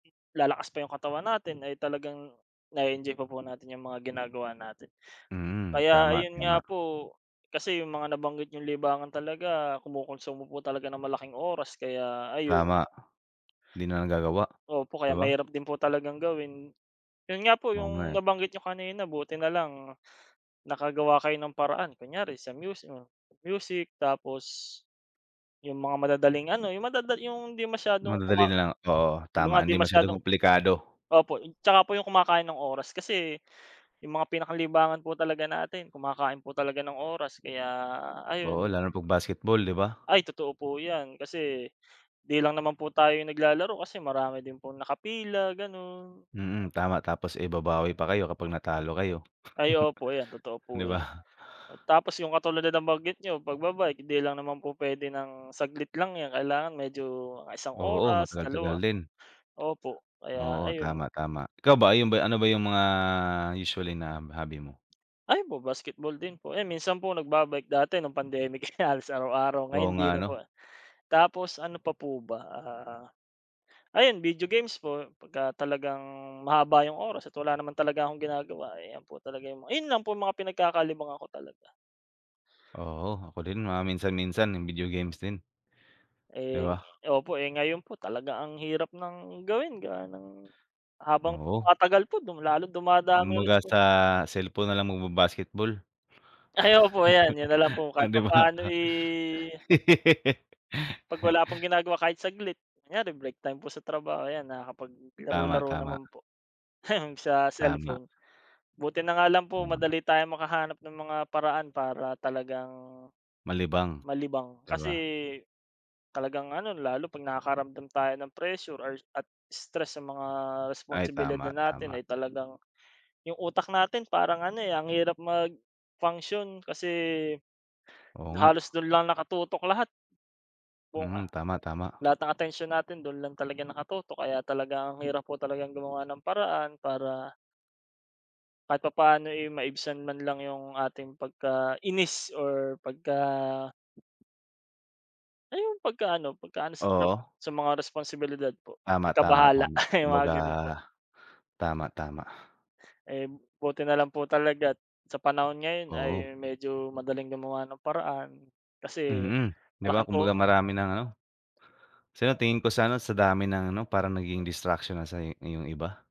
Lalakas pa 'yung katawan natin ay talagang na-e-enjoy pa po natin 'yung mga ginagawa natin. Mm, Kaya tama ayun nga tama. po kasi 'yung mga nabanggit niyong libangan talaga kumukonsumo po talaga ng malaking oras kaya ayun. Tama, di na nagagawa Opo, 'di kaya ba. mahirap din po talagang gawin, 'yon nga po Oo nga, 'yong eh. nabanggit niyo kanina buti na lang nakagawa kayo ng paraan kunyari sa musi hmm, music. Tapos 'yung mga madadaling ano 'yung madada 'yung hindi masyadong kuma Madadali na lang, oo, 'yung mga tama. 'di Hindi masyadong masyadong komplikado. opo tsaka po 'yung kumakain ng oras kasi 'yung mga pinakalibangan po talaga natin kumakain po talaga ng oras kaya Oo, ayun. lalo 'pag basketball, 'di ba? Ay totoo po 'yan, kasi di lang naman po tayo naglalaro kasi marami din pong nakapila gano'n. Mm, tama tapos, eh, babawi pa kayo kapag natalo kayo. Ay opo 'yan, totoo Di po 'yan. ba. Tapos 'yung katulad ng nabanggit niyo pagba-bike, 'di lang naman po puwede ng saglit lang 'yan kailangan medyo isang Oo, oras, matagal tagal dalawa, din. opo kaya Oo, ayun. tama tama. Ikaw ba, 'yung ba ano ba, 'yung mga usually na hobby mo? Ayun po, basketball din po, eh, minsan po nagbaba-bike dati no'ng pandemic halos araw-araw Oo ngayon hindi nga, na po. ano. Tapos ano pa po ba, ah, ayun video games po, pagka talagang mahaba 'yung oras at wala naman talaga akong ginagawa ayan po talaga, 'yung mga 'yun po 'yung mga pinagkakalibangan ko talaga. Oo, ako din mga minsan-minsan nag-video games din. Di ba? Eh, opo, eh, ngayon po talaga ang hirap ng gawin gawa ng habang Oo. tumatagal po du lalo dumadami Kumabaga responsi sa cellphone na lang magba-basketball. Ay opo 'yan. 'Yun nalang po Oh, kahit 'di ba? papaano, eh. 'Pag wala pong ginagawa kahit saglit, kunyari break time po sa trabaho ayan, Tama, nakakapaglaro-laro tama. naman po, sa Tama. cellphone. Buti na nga lang po Oo, nga. madali tayong makahanap ng mga paraan para talagang Malibang malibang, 'di kasi ba. talagang ano lalo pag nakakaramdam tayo ng pressure or at stress sa mga Ay responsibility tama, tama. natin ay talagang 'yung utak natin parang ano, eh, ang hirap mag-function kasi, Oo nga. halos do'n lang nakatutok lahat. Buong Hmm, ah tama, tama. lahat ng atensyon natin do'n lang talaga nakatutok kaya talaga ang hirap po talagang gumawa ng paraan para kahit papaano, eh, maibsan man lang 'yung ating pagka-inis or pagka ay 'yung pagkaano pagkaano sa trab Oo. sa mga responsibilidad po, Tama tama pagkabahala tama. 'yung mga Kumbaga gano'n po. tama, tama. Eh, buti nalang po talaga't sa panahon ngayon ay Oo. medyo madaling gumawa ng paraan kasi Mm, 'di ba malaking tu kumbaga marami ng ano, sa tingin ko sa ano, sa dami ng ano parang nagiging distraction na sa i iyong iba.